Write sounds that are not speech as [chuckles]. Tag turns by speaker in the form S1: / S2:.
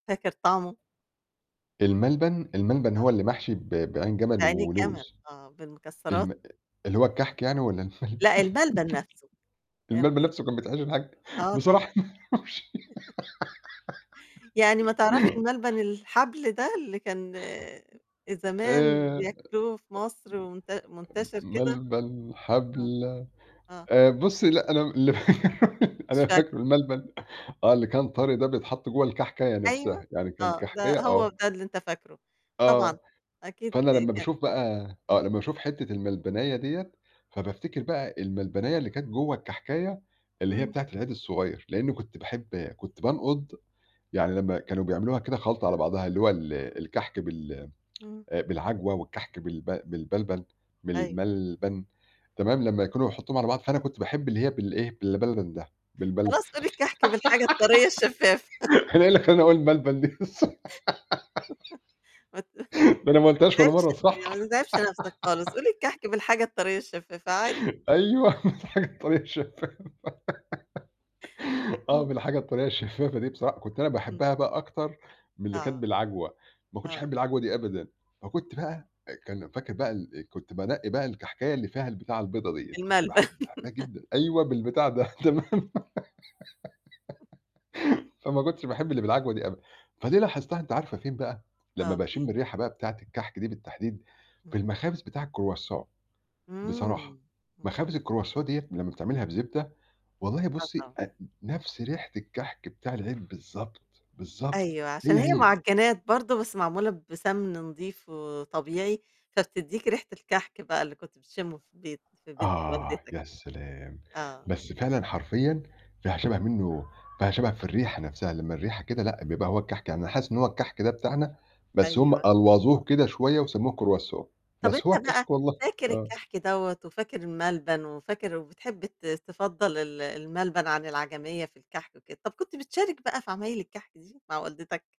S1: فاكر طعمه؟
S2: الملبن الملبن
S1: آه.
S2: هو اللي محشي ب بعين جمل
S1: بعين الجمل؟
S2: ولوز.
S1: آه، بالمكسرات؟
S2: الم اللي هو الكحك يعني والّا الملبن
S1: لأ الملبن نفسه.
S2: [laughs] الملبن
S1: [unintelligible]
S2: نفسه كان بيتحشي بكحك
S1: آه طبعًا.
S2: بصراحة أنا ما أعرفش
S1: [chuckles] يعني ما تعرفش
S2: [giggles]
S1: الملبن الحبل ده، اللي كان زمان
S2: آآ،
S1: بياكلوه في مصر ومنت
S2: م
S1: منتشر كده؟
S2: ملبن
S1: آه،
S2: حبلَ
S1: آه.
S2: آآ بُصي لأ أنا ل [laughs] أنا
S1: مش فاكرة.
S2: فاكره الملبن آه اللي كان طري ده بيتحط جوّا الكحكاية
S1: أيوه،
S2: نفسها، يعني كان
S1: آه، ده
S2: كحكاية آه.
S1: هو ده اللي أنت فاكره، طبعًا،
S2: آه،
S1: أكيد
S2: فأنا لما
S1: كا
S2: باشوف بقى آه
S1: اهم.
S2: لما باشوف حِتّة الملبناية ديّة فبافتكر بقى الملبناية اللي كانت جوّا الكحكاية اللي هي
S1: امم.
S2: بتاعة العيد الصغير، لإني كنت باحب كنت بانقض يعني لما كانوا بيعملوها كده خلطة على بعضها اللي هو ال الكحك بال
S1: امم.
S2: [tsk] آآ، بالعجوة والكحك بالب بالملبن
S1: أيوه.
S2: بالملبن، كمان لما يكونوا هيحطوهم على بعض فأنا كنت باحب اللي هي بالإيه بالملبن ده، بالبل
S1: خلاص قُل الكحك بالحاجة الطرية الشفافة [laughs]
S2: [giggles] أنا إيه اللي خلاني أقول الملبن دي بس؟
S1: [laughs] ما ت [chuckles]
S2: [giggles] ما أنا ما
S1: ما
S2: قُلتهاش والّا
S1: [unintelligible]
S2: مرة
S1: يعني ما
S2: صح
S1: تتعبش نفسك خالص، قُل الكحك بالحاجة الطرية الشفافة عادي.
S2: [giggles] أيوه
S1: [chuckles]
S2: [unintelligible] [giggles] آه، ما
S1: امم.
S2: الحاجة الطرية الشفافة دي بصراحة، كنت أنا
S1: امم.
S2: باحبها بقى أكتر من اللي كانت
S1: آه،
S2: بالعجوة، ما كنتش أحب
S1: آه.
S2: العجوة دي أبدًا
S1: آه.
S2: فكنت بقى إيه كان فاكر بقى الإيه؟ كنت بانقي بقى الكحكاية اللي فيها البتاعة البيضا ديّة، كنت باح
S1: الملبن.
S2: باحبها
S1: [laughs]
S2: جدًا أيوه بالبتاع ده تمام؟ [laughs] فما كنتش باحب اللي بالعجوة دي أبدًا فدي لاحظتها أنتِ عارفة فين بقى؟ لما
S1: آه،
S2: باشم
S1: فين؟
S2: الريحة بقى بتاعة الكحك دي بالتحديد في
S1: امم.
S2: المخابز بتاع الcroissant بصراحة،
S1: امم، امم.
S2: مخابز الcroissant ديّة لما بتعملها بزبدة والله
S1: آه،
S2: بُصي
S1: طبعًا.
S2: آت نفس ريحة الكحك بتاع العيد بالضبط، بالضبط،
S1: أيوه، عشان
S2: هي،
S1: هي
S2: هي.
S1: مُعجنات برضو بس معمولة بسمن نضيف وطبيعي، فبتديك ريحة الكحك بقى اللي كنت بتشمه في البيت في بيت
S2: آه
S1: والدتك.
S2: يا سلام!
S1: آه.
S2: بس فعلًا حرفيًا فيها شبه منه فيها شبه في الريحة نفسها، لما الريحة كده لأ بيبقى هو الكحك يعني حاسس إن هو الكحك ده بتاعنا بس هم
S1: أيوه.
S2: ألوظوه كده شوية وسموه croissant
S1: طَب أنت
S2: بس هو
S1: بقى
S2: الكحك والله،
S1: فاكر
S2: آه.
S1: الكحك دوّة، وفاكر الملبن، وفاكر وبتحب ت تفضل ال الملبن عن العجمية في الكحك وكده، طَب كنت بتشارك بقى في عمايل الكحك دي مع والدتك؟